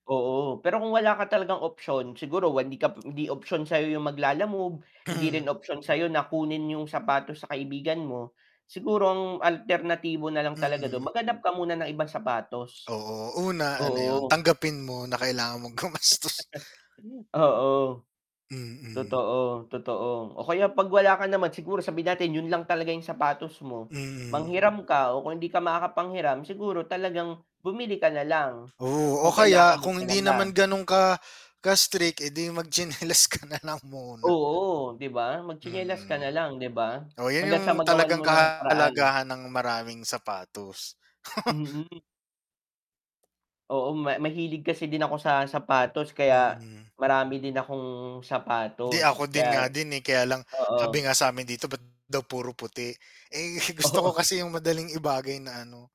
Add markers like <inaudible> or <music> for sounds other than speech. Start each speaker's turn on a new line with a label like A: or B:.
A: Oo, pero kung wala ka talagang option, siguro hindi ka hindi option sa'yo yung mag-Lalamove. Hindi rin
B: Mm.
A: option sa'yo na kunin yung sapatos sa kaibigan mo. Siguro ang alternatibo nalang talaga dun
B: Mm.
A: maghanap ka muna ng ibang sapatos.
B: Oo, una ano yun,
A: Oo.
B: tanggapin mo na kailangan mong
A: <laughs>
B: gumastos.
A: Oo.
B: Mm.
A: Totoo, totoo o kaya 'pag wala ka naman siguro sabihin natin yun lang talaga yung sapatos mo,
B: Mm.
A: manghiram ka o kung hindi ka makakapanghiram siguro talagang bumili ka nalang.
B: Oo, o
A: Kung
B: kaya
A: kailangan mo
B: kung hindi
A: talaga.
B: naman ganun ka, ka-strict, eh di magtsinelas ka nalang muna.
A: Oo, 'di ba. Magtsinelas ka
B: Mm.
A: nalang, 'di ba?
B: O yun
A: Hangga't
B: yung
A: sa magawan
B: talagang
A: mo ng paraan.
B: kahalagahan ng maraming sapatos. <laughs>
A: Mm. Oo, ma mahilig kasi din ako sa sapatos, kaya
B: Mm.
A: marami din akong
B: Di
A: sapatos.
B: ako
A: Kaya
B: din nga din eh. Kaya lang,
A: oo.
B: sabi nga sa amin dito ba't daw puro puti. Eh gusto ko
A: Oo.
B: kasi yung madaling ibagay na ano.